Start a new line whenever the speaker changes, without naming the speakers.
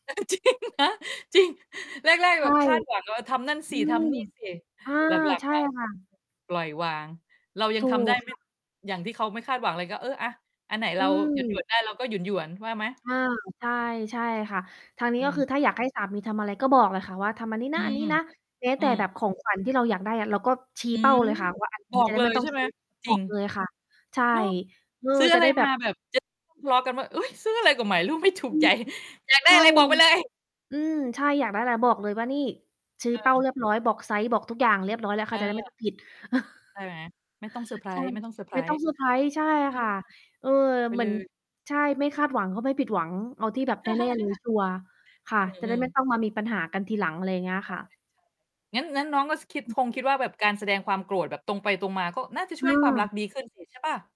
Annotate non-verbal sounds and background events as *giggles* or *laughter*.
*giggles* จริงนะ จริง แรก
ใช
ๆ แบ
่
บคาดหวังว่าทำนั่น
อ
ส
ื
ิ ท
ม
ำนี่สิ
อา
หลัง
ใช่
ๆ มา
ค่ะ
ปล่อยวาง เรายั
ถ
ง
ู
ทำได้
ก
ไ
ค
ม่
่ะ
อย่างที่เขาไม่คาดหวังเลย ก็ เออ อะ อันไหน
อ
เร
ื
าหยว
ม
น ๆ ได้เราก็หยวน ๆ ว่าไหม?
อา ใช่ ใช่ค่ะ ทางนี
อ
้
ื
ก็ค
ม
ือถ้าอยากให้สามีทำอะไรก็บอกเลยค่ะว่า "ทำอันนี้
อ
น
ื
ะ อันน
ม
ี้นะ" แม้
อ
แ
ื
ต่
ม
แบบของขวัญที่เราอยากได้อะ เราก็ชี้
อื
เป้า
ม
เลยค่ะ ว่าอันน
บ
ี้
อ
จ
ก
ะได
เ
้
ล
ไม่
ย
ต้
ใ
อ
ช
ง
่ไ
ซ
ห
ื
ม
้อ
จ
บ
ร
อ
ิง
กเลยค่ะ ใช่
เนาะ
เออ
ซื้อ
จ
อ
ะ
ะไ
ไ
ร
ด้แบ
มา
บ
แบบ จะ ทะเลาะ กันว่า "เฮ้ย ซื้ออะไรก็ไม่รู้ ไม่ถู
อ
ก
ื
ใจ"
ม
อยากได้
อ้า
อะไร
ว
บอกไปเลย
อืม ใช่ อยากได้แต่บอกเลยว่า นี่ ชี้
เ
เป้า
ออ
เรียบร้อย บอกไซซ์ บอกทุกอย่างเรียบร้อยแล้ว เข
เ
าจะได้ไม่
ออ
ต้อง ผิด
ใช่
*chuckles*
ไหม? ไม่ต้องเซอร์ไพร
ใช่
ส์
ไม่ต้องเซอร์ไพรส์ ใช่
ๆ อื
ค่ะ
อ
เออ
บอก ไป
เหม
เ
ื
ล
อน
ย
ใช่ ไม่คาดหวังก็ไม่ผิดหวัง เอาที่แบบแน่ ๆ เลย
*chuckles*
ชัวร์ ค่ะ
อ
จะไ
ื
ด้
อ
ไม่
ๆ
ต้องมามีปัญหากันทีหลัง อะไรเงี้ย
แบ
ค่
บไห
ะ
นจ๊ะ? งั้น งั้นน้องก็ ส คิด
อื
ค
อ
งคิดว่าแบบการแสดงความโกรธแบบตรงไปตรงมา ก็น่าจะช่วยให้ความรัก
เออ
ดีขึ้น สิ ใช่เปล่า?